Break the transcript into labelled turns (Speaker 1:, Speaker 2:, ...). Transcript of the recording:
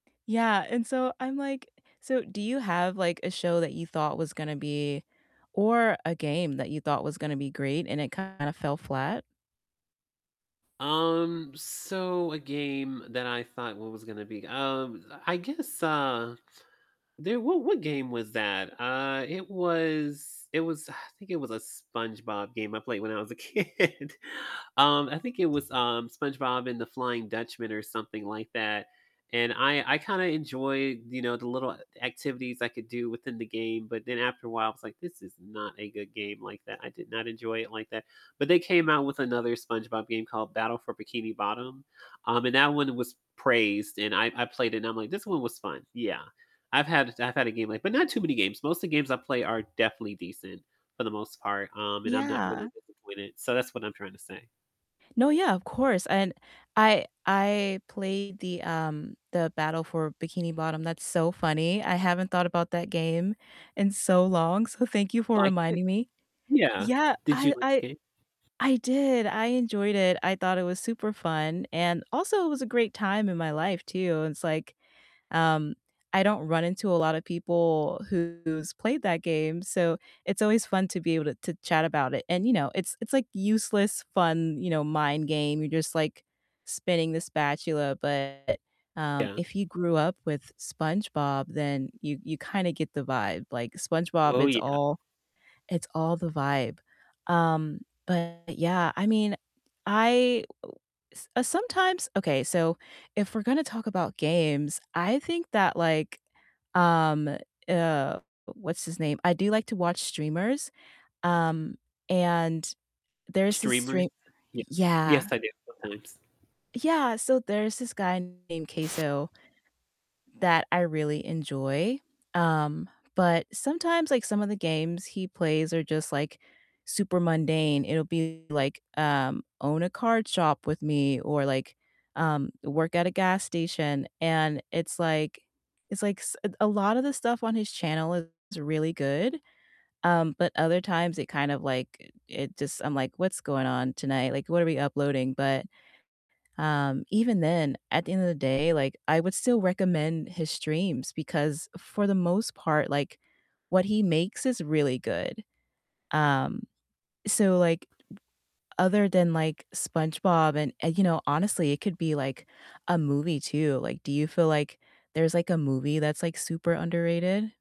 Speaker 1: Yeah and so, I'm like so, do you have, like, a show that you thought was gonna be or a game that you thought was gonna be great and it kinda fell flat?
Speaker 2: Um, so a game that I thought was gonna be, um I guess, uh, there What what game was that? Uh, it was it was, I think it was a SpongeBob game I played when I was a kid. Um, I think it was, um, SpongeBob and the Flying Dutchman or something like that, and I I kinda enjoyed, you know, the little a activities I could do within the game, but then after a while, I was like, "This is not a good game like that." I did not enjoy it like that. But they came out with another SpongeBob game called Battle for Bikini Bottom, um, and that one was praised, and I I played it and I'm like, "This one was fun." Yeah, I've had I've had a game like But not too many games. Most of the games I play are definitely decent for the most part, um, and I'm not really
Speaker 1: Yeah.
Speaker 2: disappointed. So that's what I'm trying to say.
Speaker 1: No, yeah, of course and I I played the, um the Battle for Bikini Bottom, that's so funny, I haven't thought about that game in so long, so thank you for
Speaker 2: Like it?
Speaker 1: reminding me.
Speaker 2: Yeah.
Speaker 1: Yeah,
Speaker 2: Did you
Speaker 1: I
Speaker 2: like the
Speaker 1: I
Speaker 2: game?
Speaker 1: I did, I enjoyed it, I thought it was super fun, and also it was a great time in my life too, and it's like, um, I don't run into a lotta people who's played that game, so it's always fun to be able to to chat about it. And, you know, it's it's like useless fun, you know, mind game. You're just like spinning the spatula, but, um,
Speaker 2: Yeah.
Speaker 1: if you grew up with SpongeBob, then you you kinda get the vibe. Like, SpongeBob,
Speaker 2: Oh,
Speaker 1: it's
Speaker 2: yeah.
Speaker 1: all it's all the vibe. Um, but yeah, I mean, I s uh, sometimes Okay, so if we're gonna talk about games, I think that, like, um, uh, what's his name? I do like to watch streamers. Um, and there's this
Speaker 2: Streamers?
Speaker 1: stream
Speaker 2: Yeah. Yes,
Speaker 1: Yeah.
Speaker 2: I do, sometimes.
Speaker 1: Yeah, so there's this guy named CaseOh that I really enjoy. Um, but sometimes, like, some of the games he plays are just, like, super mundane. It'll be, like, um, own a card shop with me or, like, um, work at a gas station, and it's like it's like s a a lot of the stuff on his channel is really good, um, but other times it kind of like it just I'm like, "What's going on tonight?" Like, "What are we uploading?" But, um, even then, at the end of the day, like, I would still recommend his streams because for the most part, like, what he makes is really good. Um, so, like, other than, like, SpongeBob and uh, you know, honestly it could be like a movie too. Like, do you feel, like, there's, like, a movie that's like super underrated?